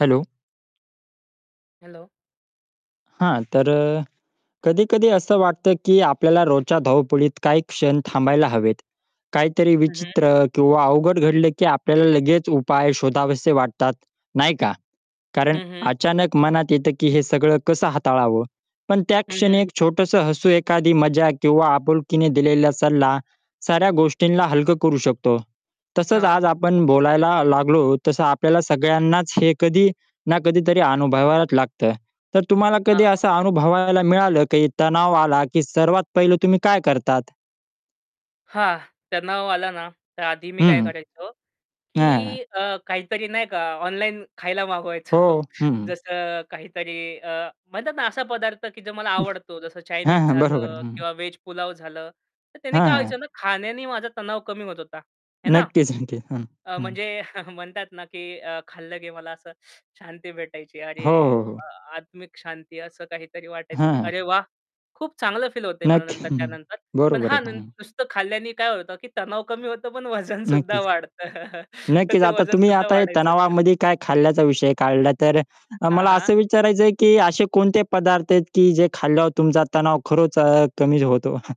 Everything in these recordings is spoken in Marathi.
हॅलो. हॅलो. हां, तर अ, कधी-कधी असं वाटतं, की आपल्याला रोजच्या धावपळीत काही क्षण थांबायला हवेत. काहीतरी हं, हं. विचित्र, किंवा अवघड घडलं, की आपल्याला लगेच उपाय शोधावेसे वाटतात, नाही का? कारण हं, हं. अचानक मनात येतं, की हे सगळं कसं हाताळावं. पण त्या हं, क्षणी हं. एक छोटंसं हसू, एखादी मजा, किंवा आपुलकीने दिलेला सल्ला, साऱ्या गोष्टींना हलकं करू शकतो. तसंच हां. आज आपण बोलायला लागलो, तसं आपल्याला सगळ्यांनाच हे कधी ना कधीतरी अनुभवावंच लागतं. तर तुम्हाला कधी हां. असं अनुभवायला मिळालं, की तणाव आला, की सर्वात पहिलं तुम्ही काय करतात? हां, तणाव आला ना, तर आधी मी हं, काय हं. करायचो, हां, हां. की अ, काहीतरी नाही का ऑनलाईन खायला मागवायचो. हो, हं. जसं काहीतरी अ, म्हणतात ना, असा पदार्थ, की जो मला आवडतो. जसं हां, चायनीज हां बरोबर आहे. झालं, हं. किंवा व्हेज पुलाव झालं. तर त्यानी हां, काय हां. व्हायचं ना, खाण्यानी माझा तणाव कमी होत होता, हे ना. नक्कीच, नक्कीच. हं, अ, हं. म्हणजे म्हणतात ना, की अ, खाल्लं, की मला असं शांती भेटायची. अरे, हो, हो, हो. वाह! आत्मिक शांती असं काहीतरी वाटायचं, की हं. अरे, वाह, खूप चांगलं फील होतं आहे, मला नक्की नंतर, त्यानंतर. पण बरोबर आहे. हां, न हं. नुसतं खाल्याने काय होतं, की तणाव कमी होतो पण वजन सुद्धा नक्कीच. वाढतं. तर नक्कीच, ते आता वजन तुम्ही, सुद्धा आता हे वाढायचं. तणावामध्ये काय खाल्ल्याचा विषय काढला, तर अ, हां, मला हां. असं विचारायचं आहे, की असे कोणते पदार्थ आहेत, की जे खाल्यावर तुमचा तणाव खरंच अ, कमी होतो?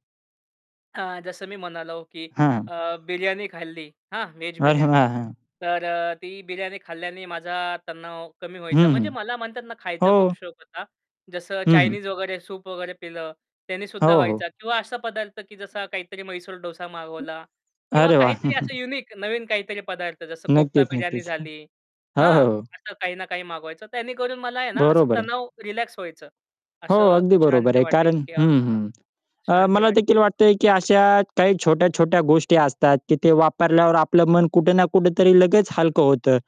हां, जसं मी म्हणालो, की हां. अ, बिर्यानी खाल्ली, हां, व्हेज अरे बिर्याणी. वाह! हां. तर अ, ती बिर्याणी खाल्ल्याने माझा तणाव कमी हं, व्हायचा. हं. म्हणजे मला म्हणतात ना, खायचा खूप हो. शौक होता. जसं हं, हं. चायनीज वगैरे, सूप वगैरे पिलं, त्यानी सुद्धा हो, हो. व्हायचा. किंवा असा पदार्थ, की जसं काहीतरी म्हैसूर डोसा मागवला, किंवा अरे वाह! काहीतरी असं युनिक नवीन काहीतरी पदार्थ. जसं कोप्ता नक्कीच, बिर्याणी नक्कीच. हं. झाली हो, हां, हो, हो. असं काही ना काही मागवायचं. त्यानेकरून मला आहे ना, असं बरोबर आहे. तणाव रिलॅक्स व्हायचं, हो, असं अगदी बरोबर शांती आहे, कारण वाटायची, की हं, आहाहा! हं. अ, शांती मला वाटतं देखील आहे, वाटतं आहे, फक्त. की अशा काही छोट्या-छोट्या गोष्टी असतात, की ते वापरल्यावर आपलं मन कुठे ना कुठेतरी लगेच हलकं होतं.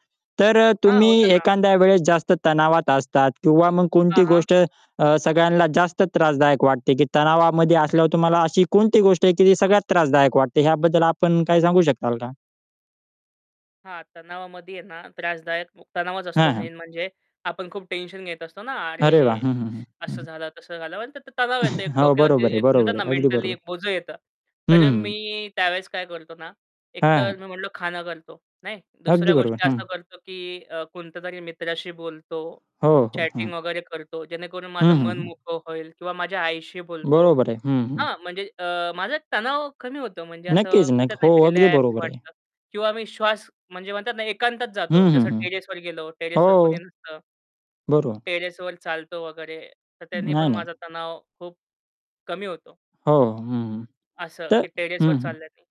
तर अ, हां, तुम्ही होतं ना. एखाद्या वेळेस जास्त तणावात असतात, किंवा मग हां, कोणती हां. गोष्ट अ, सगळ्यांना जास्त त्रासदायक वाटते, की तणावामध्ये असल्यावर तुम्हाला अशी कोणती गोष्ट आहे, की ती सगळ्यात त्रासदायक वाटते? ह्याबद्दल आपण काय सांगू शकाल का? हां, तणावामध्ये आहे ना, त्रासदायक व तणावाच असतो हां, हां. मेन म्हणजे. आपण खूप टेन्शन घेत असतो ना, अरे वाह! अरे, हं, हं, हं. हं, असं हं. झालं, तसं झालं. म्हणतात ना, तर तणाव येतो, एक हो, डोक्यावरती, बरोबर आहे, एक बरोबर म्हणतात आहे. ना, अगदी बरोबर मेंटली एक आहे. बोझं येतं. तर हं, अ, हं. मी त्यावेळेस काय करतो ना, एकतर हां. मी म्हणलो, खाणं करतो, नाही. अगदी दुसऱ्या बरोबर, गोष्टी हं. असं करतो, की अ, कोणत्यातरी मित्राशी बोलतो, हो, हो. हं. चॅटिंग वगैरे करतो, जेणेकरून हं, माझं हं, मन हं. मोकळं होईल, किंवा माझ्या आईशी बोलतो. बरोबर आहे. हं, हं. हां, म्हणजे अ, माझा तणाव कमी होतो, म्हणजे असं नक्कीच नक्क म्हणतात ना, हो, एक अगदी रिलॅक्स बरोबर आहे. वाटतं. किंवा मी श्वास म्हणजे म्हणतात ना, एकांतात हं, जातो, हं, जसं हं. टेरेसवर गेलो, टेरेसवर हो. कोणी नसतं. बरो टेरेसवर चालतो वगैरे, तर त्याने नाही, पण नाही. माझा तणाव खूप कमी होतो. हो, हो, हं, हं. असं, तर की टेरेसवर हं, हं. चालल्यानी.